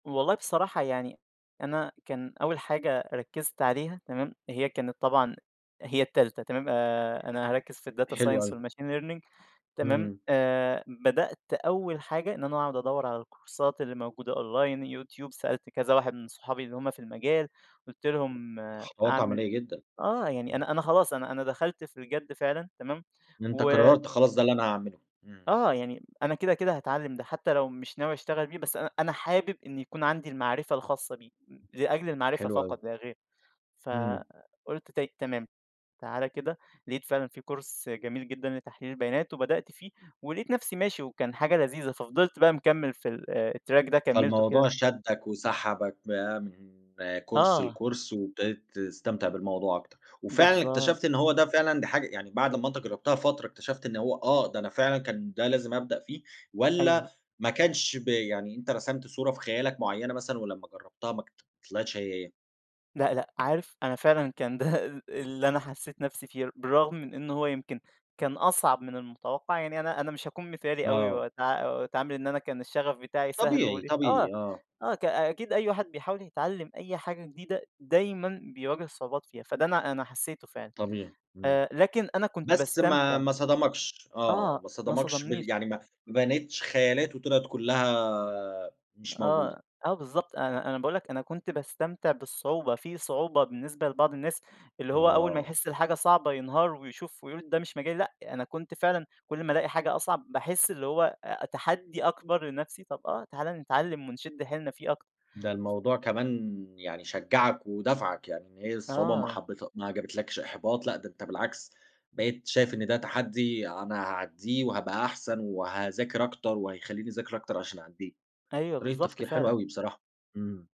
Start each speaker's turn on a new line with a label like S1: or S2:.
S1: والله بصراحة، يعني أنا كان أول حاجة ركزت عليها تمام، هي كانت طبعًا هي التالتة تمام، آآ أنا هاركِّز في الData
S2: حلو
S1: Science
S2: أوي.
S1: والMachine Learning تمام،
S2: إمم.
S1: آآ بدأت أول حاجة إن أنا أقعُد أدور على الكورسات اللي موجودة Online يوتيوب، سألت كذا واحد من صحابي اللي هُم في المجال، قُلت لهم
S2: خطوات
S1: أعمل
S2: عمليَّة جدًا،
S1: آه، يعني
S2: امم.
S1: أنا أنا خلاص، أنا أنا دخلت في الجَدّ فعلًا تمام،
S2: أنت
S1: و
S2: قررت خلاص ده اللي أنا هاعمله، امم.
S1: آه، يعني أنا كده، كده هاتعلّم ده، حتى لو مش ناوي أشتغل بيه، بس أنا أنا حابب إن يكون عندي المعرفة الخاصة بيه، ل لأجل المعرفة
S2: حلو أوي.
S1: فقط لا غير،
S2: إمم.
S1: فقُلت طيب تمام، تعال كده، لقيت فعلًا في Course جميل جدًا لتحليل البيانات، وبدأت فيه، ولقيت نفسي ماشي وكان حاجة لذيذة، ففضلت بقى مكمل في ال الTrack ده كمِّلته
S2: فالموضوع
S1: كده
S2: شدّك وسحبك فامم، Course
S1: آه.
S2: لCourse وابتديت تستمتع بالموضوع أكتر، وفعلًا
S1: بالضبط.
S2: اكتشفت إن هو ده فعلًا دي حاجة يعني بعد ما أنت جربتها فترة، اكتشفت إن هو آه، ده أنا فعلًا كان ده لازم أبدأ فيه،
S1: أيوه.
S2: والّا ما كانش ب يعني أنت رسمت صورة في خيالك مُعيّنة مثلًا، ولمّا جرّبتها ما طلعتش هي، هي؟
S1: لأ، لأ، عارف أنا فعلًا كان ده اللي أنا حَسّيت نفسي فيه، بالرغم من إنه هو يمكن كان أصعب من المُتوقّع، يعني أنا أنا مش هاكون مثالي أوي،
S2: آه.
S1: وأتع وأتعامل إن أنا كان الشّغف بتاعي سهل، واقول
S2: طبيعي،
S1: إيه، آه،
S2: طبيعي، آه.
S1: آه، ك أكيد أي واحد بيحاول يتعلّم أي حاجة جديدة، دايمًا بيواجه صعوبات فيها، فده أنا أنا حَسّيته فعلًا،
S2: طبيعي، إمم،
S1: آآ لكن أنا كنت
S2: بس ما
S1: باستمتع.
S2: ما صدمكش، آه،
S1: آه،
S2: ما
S1: ما
S2: صدمكش بال
S1: صدمنيش.
S2: يعني ما ما بنيتش خيالات، وطلعت كُلّها مش موجودة.
S1: آه، آه بالضبط، أنا أنا باقول لك أنا كنت باستمتع بالصعوبة، في صعوبة بالنسبة لبعض الناس، اللي هو أول ما
S2: آه.
S1: يحِسّ الحاجة صعبة ينهار، ويشوف ويقول ده مش مجالي، لأ، أنا كنت فعلًا كُلّ ما ألاقي حاجة أصعب، باحِسّ اللي هو تحدي أكبر لنفسي، طب آه، تعال نتعلّم ونِشِدّ حيلنا فيه أكتر.
S2: ده الموضوع كمان يعني شجّعك ودفعك، يعني إن هي الصعوبة ما
S1: آه.
S2: حبيتها ما جبتلكش إحباط لأ، ده أنت بالعكس بقيت شايف إن ده تحدِّي أنا هاعدِّيه، وهابقى أحسن، وهاذاكر أكتر، وهيخلّيني أذاكر أكتر عشان أعدِّيه،
S1: أيوه،
S2: طريقة
S1: بالضبط
S2: تفكير حلوة
S1: فعلًا.
S2: أوي بصراحة، إمم.